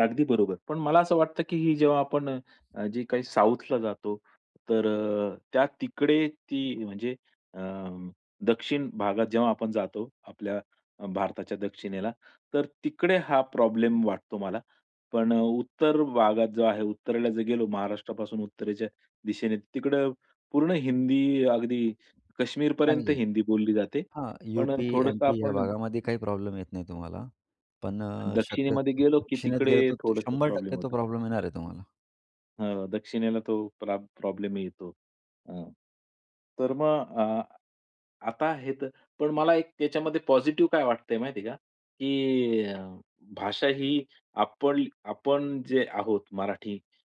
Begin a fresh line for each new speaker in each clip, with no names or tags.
अगदी बरोबर. पण मला असं वाटतं, की ही जेव्हा आपण अ, जे काही साउथला जातो, तर अ, त्या तिकडे ती म्हणजे अ, दक्षिण भागात जेव्हा आपण जातो, आपल्या भारताच्या दक्षिणेला, तर तिकडे हा प्रॉब्लेम वाटतो मला. पण अ, उत्तर भागात जो आहे, उत्तरेला जर गेलो महाराष्ट्रापासून उत्तरेच्या दिशेने, तिकडे पूर्ण हिंदी, अगदी
चांगली
कश्मीरपर्यंत
आहे.
हिंदी बोलली जाते.
हां.
पण
यू-पी,
थोडंसं
एम-पी या
आपण
भागामध्ये काही प्रॉब्लेम येत नाही तुम्हाला. पण अ,
दक्षिणेमध्ये
शक्यतो
गेलो, की
दक्षिणेत गेलं,
तिकडे
तर
थोडंसं
शंभर
प्रॉब्लेम
टक्के तो
होतो.
प्रॉब्लेम येणार आहे तुम्हाला.
हां, दक्षिणेला तो प्रॉ प्रॉब्लेम येतो. हां, तर मग अ, आता हे तर पण मला त्याच्यामध्ये पॉझिटिव्ह काय वाटतंय, माहिती आहे का, की भाषा ही आपण आपण जे आहोत, मराठी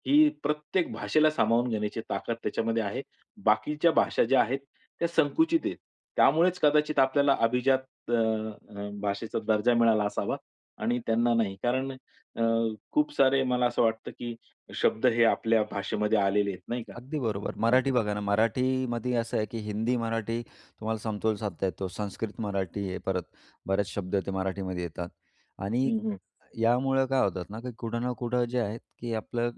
ही प्रत्येक भाषेला सामावून घेण्याची ताकद त्याच्यामध्ये आहे. बाकीच्या भाषा ज्या आहेत, त्या संकुचित आहेत. त्यामुळेच कदाचित आपल्याला अभिजात अ, भाषेचा दर्जा मिळाला असावा आणि त्यांना नाही. कारण अ, खूप सारे मला असं वाटतं, की शब्द हे आपल्या भाषेमध्ये आलेले आहेत, नाही का?
अगदी बरोबर.
हां.
मराठी बघा ना, मराठीमध्ये असं आहे, की हिंदी, मराठी तुम्हाला समतोल साधता येतो. संस्कृत, मराठी, हे परत बरेच शब्द ते मराठीमध्ये येतात. आणि
हं, हं.
यामुळं काय होतात ना, की कुठं ना कुठं जे आहेत, की आपलं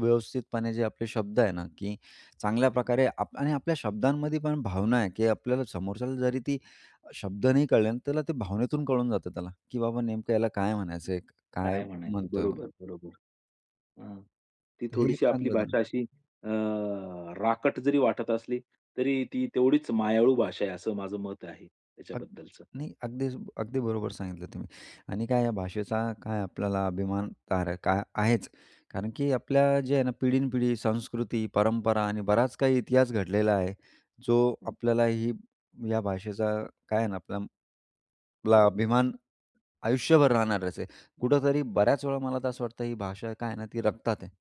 व्यवस्थितपणे जे आपले शब्द आहे ना, की चांगल्या प्रकारे आप आणि आपल्या शब्दांमध्ये पण भावना आहे, की आपल्याला समोरच्याला जरी ती शब्द नाही कळले ना, त्याला ते भावनेतून कळून जातं त्याला, की बाबा नेमकं याला काय म्हणायचं आहे, काय
काय म्हणायचं,
म्हणतोय म्हणून.
बरोबर, बरोबर. हां. ती
तर हे एक
थोडीशी आपली
चांगलं झालं.
भाषा अशी अ, राकट जरी वाटत असली, तरी ती तेवढीच मायाळू भाषा आहे, असं माझं मत आहे
अग
त्याच्याबद्दलचं.
नाही, अगदीच, अगदी बरोबर सांगितलं तुम्ही. आणि काय या भाषेचा काय आपल्याला अभिमान [unintelligible] आहे काय आहेच. कारण की आपल्या जे आहे ना, पिढीनपिढी संस्कृती, परंपरा आणि बराच काही इतिहास घडलेला आहे, जो
हं.
आपल्यालाही या भाषेचा काय आहे ना, आपल्याला आपला अभिमान आयुष्यभर राहणारच आहे. असे कुठेतरी बऱ्याच वेळा मला असं वाटतं, ही भाषा काय आहे ना, ती रक्तात आहे.